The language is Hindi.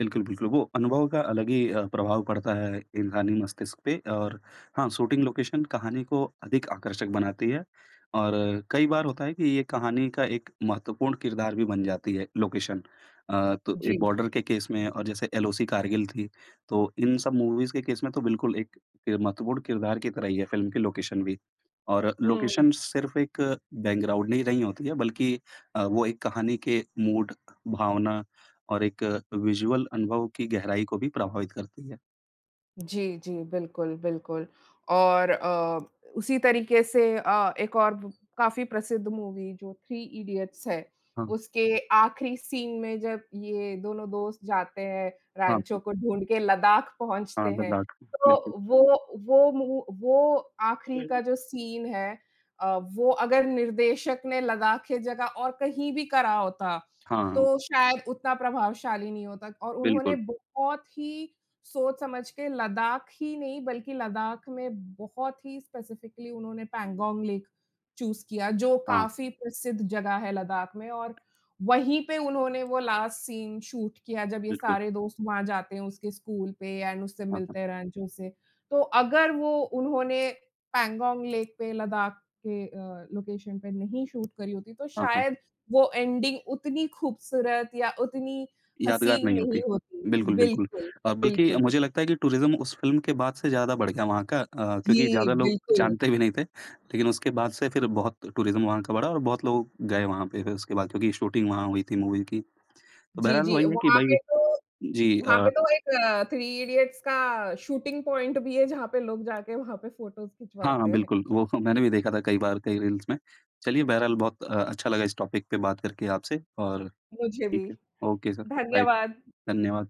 बिल्कुल, बिल्कुल, वो अनुभव का अलग ही अ, प्रभाव पड़ता है इंसानी मस्तिष्क पे और हाँ, शूटिंग लोकेशन कहानी को अधिक आकर्षक बनाती है, और कई बार होता है कि ये कहानी का एक महत्वपूर्ण किरदार भी बन जाती है, लोकेशन। अ, तो एक जी। बॉर्डर के केस में और जैसे एलओसी कारगिल थी, तो इन सब मूवीज़ के केस में तो बिल्कुल एक किर महत्वपूर्ण किरदार की तरह ही है, फ़िल्म की लोकेशन भी। और हुँ। लोकेशन सिर्फ़ एक बैकग्राउंड नहीं रही होती है, बल्कि अ, वो एक कहानी के मूड, भावना और एक विज़ुअल अनुभव की गहराई को भी प्रभावित करती है। जी, जी, बिल्कुल, बिल्कुल और अ, उसी तरीके से अ, एक और ब काफ़ी प्रसिद्ध मूवी, जो थ्री इडियट्स है, हाँ। उसके आखिरी सीन में जब ये दोनों दोस्त जाते हैं, हाँ, रैंचो हाँ। को ढूँढके लद्दाख पहुँचते हाँ, हैं, लद्दाख़। बिल्कुल। तो वो वो मू वो आखिरी का बिल जो सीन है अ, वो अगर निर्देशक ने लद्दाख के जगह और कहीं भी करा होता, हाँ। तो शायद उतना प्रभावशाली नहीं होता। और उन्होंने बिल्कुल। बहुत ही सोच-समझ के लद्दाख ही नहीं, बल्कि लद्दाख में बहुत ही स्पेसिफिक्ली उन्होंने पैंगोंग लेक चूज़ किया, जो हाँ। काफ़ी प्रसिद्ध जगह है लद्दाख़ में, और वहीं पे उन्होंने वो लास्ट सीन शूट किया, जब ये बिल्कुल। सारे दोस्त वहाँ जाते हैं, उसके स्कूल पे एंड उससे हाँ, हाँ। मिलते हैं, रैंचो से। तो अगर वो उन्होंने पैंगोंग लेक पे, लद्दाख के अ, लोकेशन पे नहीं शूट करी होती, तो हाँ, हाँ। शायद वो एंडिंग उतनी ख़ूबसूरत या उतनी यादगार हसीन नहीं नहीं होती। होती। बिल्कुल, बिल्कुल। बिल्कुल, अ, बल्कि अब बिल्कुल। मुझे लगता है कि टुरिज़म, उस फ़िल्म के बाद से ज़्यादा बढ़ गया वहाँ का अ, क्योंकि जी, ज़्यादा लोग बिल्कुल। भी नहीं थे, लेकिन उसके बाद से फिर बहुत टुरिज़म वहाँ का बढ़ा और बहुत लोग गए वहाँ पे फिर उसके बाद, क्योंकि शूटिंग वहाँ हुई थी मूवी की। तो जी, बहरहाल जी, वही है कि वहाँ भई, पे तो जी वहाँ अ पे तो एक थ्री इडियट्स का शूटिंग पॉइंट भी है, जहाँ पे लोग जा के वहाँ पे फ़ोटोज़ हाँ, खिंचवाते हाँ, हैं। बिल्कुल, वो मैंने भी देखा था कई बार, कई रील्स में। चलिए, बहरहाल बहुत अ, अच्छा लगा इस टॉपिक पे बात करके आपसे और मुझे भी। ठीक है। Okay sir, bye. धन्यवाद। धन्यवाद।